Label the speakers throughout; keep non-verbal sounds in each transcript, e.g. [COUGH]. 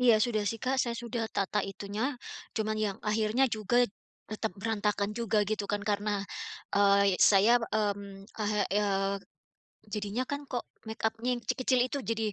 Speaker 1: Iya sudah sih Kak, saya sudah tata itunya. Cuman yang akhirnya juga tetap berantakan juga gitu kan karena, eee, y saya, mmm, heeh, eee, jadinya kan kok makeup-nya yang kecil-kecil itu jadi,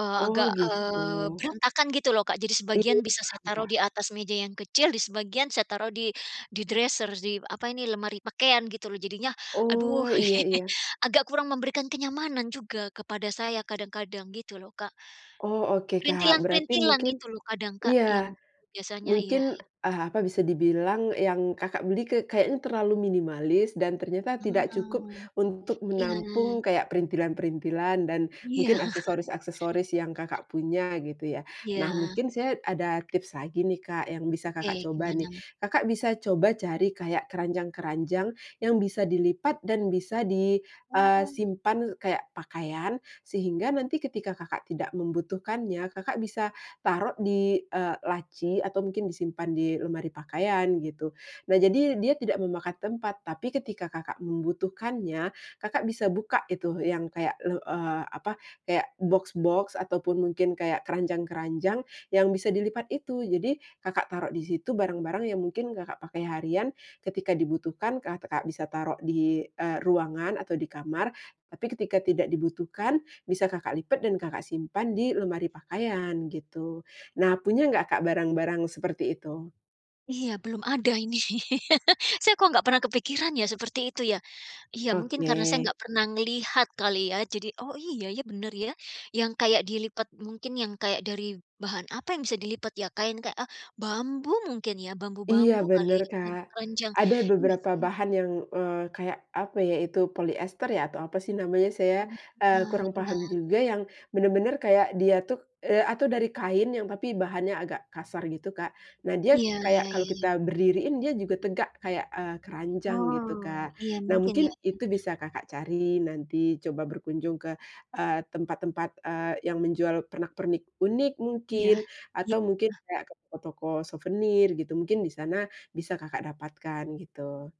Speaker 1: eee,
Speaker 2: Oh,
Speaker 1: agak, eee,
Speaker 2: gitu.
Speaker 1: berantakan gitu loh, Kak. Jadi sebagian
Speaker 2: Iya
Speaker 1: bisa saya
Speaker 2: paham,
Speaker 1: taruh
Speaker 2: Kak.
Speaker 1: di atas meja yang kecil, di sebagian saya taruh di di dresser di, apa ini, lemari pakaian gitu loh. Jadinya, aduh
Speaker 2: Oh, iya
Speaker 1: [LAUGHS]
Speaker 2: iya.
Speaker 1: agak kurang memberikan kenyamanan juga kepada saya kadang-kadang gitu loh, Kak.
Speaker 2: Oh oke Kak, berarti
Speaker 1: Perintilan-perintilan
Speaker 2: mungkin
Speaker 1: itu loh kadang Kak yang
Speaker 2: iya
Speaker 1: biasanya iya.
Speaker 2: mungkin, eee, apa, bisa dibilang yang Kakak beli ke kayaknya terlalu minimalis dan ternyata tidak cukup
Speaker 1: Ah.
Speaker 2: untuk
Speaker 1: Iya.
Speaker 2: menampung kayak perintilan-perintilan dan
Speaker 1: Iya.
Speaker 2: mungkin
Speaker 1: [CHUCKLES]
Speaker 2: aksesoris-aksesoris yang Kakak punya, gitu ya. Nah,
Speaker 1: Iya.
Speaker 2: mungkin saya ada tips lagi nih Kak yang bisa Kakak
Speaker 1: Oke,
Speaker 2: coba nih.
Speaker 1: gimana?
Speaker 2: Kakak bisa coba cari kayak keranjang-keranjang yang bisa dilipat dan bisa di, eee,
Speaker 1: Paham.
Speaker 2: simpan kaya pakaian, sehingga nanti ketika Kakak tidak membutuhkannya, Kakak bisa taruh di, eee, laci atau mungkin disimpan di lemari pakaian, gitu. Nah jadi dia tidak memakan tempat, tapi ketika Kakak membutuhkannya, Kakak bisa buka itu yang kayak le eee, apa, kayak boks-boks ataupun mungkin kayak keranjang-keranjang yang bisa dilipat itu. Jadi, Kakak taruh di situ barang-barang yang mungkin Kakak pakai harian, ketika dibutuhkan Kakak bisa taruh di, eee, ruangan atau di kamar, tapi ketika tidak dibutuhkan bisa Kakak lipat dan Kakak simpan di lemari pakaian, gitu. Nah punya nggak Kak barang-barang seperti itu?
Speaker 1: Iya, belum ada ini. [LAUGHS] Saya kok nggak pernah kepikiran ya seperti itu ya? Iya, mungkin karena saya
Speaker 2: Oke.
Speaker 1: nggak pernah ngelihat kali ya jadi, oh iya ya, bener ya. Yang kayak dilipat mungkin yang kayak dari bahan apa yang bisa dilipat ya, kain kayak, eee, bambu mungkin ya,
Speaker 2: Iya
Speaker 1: bambu-bambu kali
Speaker 2: bener,
Speaker 1: ya,
Speaker 2: Kak.
Speaker 1: keranjang-keranjang.
Speaker 2: Ada
Speaker 1: Iya
Speaker 2: beberapa
Speaker 1: sih ya.
Speaker 2: bahan yang, eee, kayak apa ya itu, polister ya, atau apa sih namanya, saya,
Speaker 1: Banyak,
Speaker 2: eee,
Speaker 1: heeh,
Speaker 2: kurang
Speaker 1: iya
Speaker 2: paham juga,
Speaker 1: iya.
Speaker 2: yang bener-bener kaya dia tuh, eee, atau dari kain yang tapi bahannya agak kasar gitu, Kak. Nah dia
Speaker 1: Iya,
Speaker 2: kayak
Speaker 1: ya
Speaker 2: kalau
Speaker 1: ya
Speaker 2: kita
Speaker 1: ya.
Speaker 2: berdiriin dia juga tegak kayak, eee, keranjang gitu,
Speaker 1: Wow,
Speaker 2: Kak.
Speaker 1: iya,
Speaker 2: Nah
Speaker 1: mungkin
Speaker 2: mungkin
Speaker 1: ya ya.
Speaker 2: itu bisa Kakak cari nanti coba berkunjung ke, eee, tempat-tempat, eee, yang menjual pernak-pernik unik
Speaker 1: Iya
Speaker 2: mungkin, atau mungkin
Speaker 1: iya.
Speaker 2: kayak ke toko-toko suvenir gitu, mungkin di sana bisa Kakak dapatkan, gitu.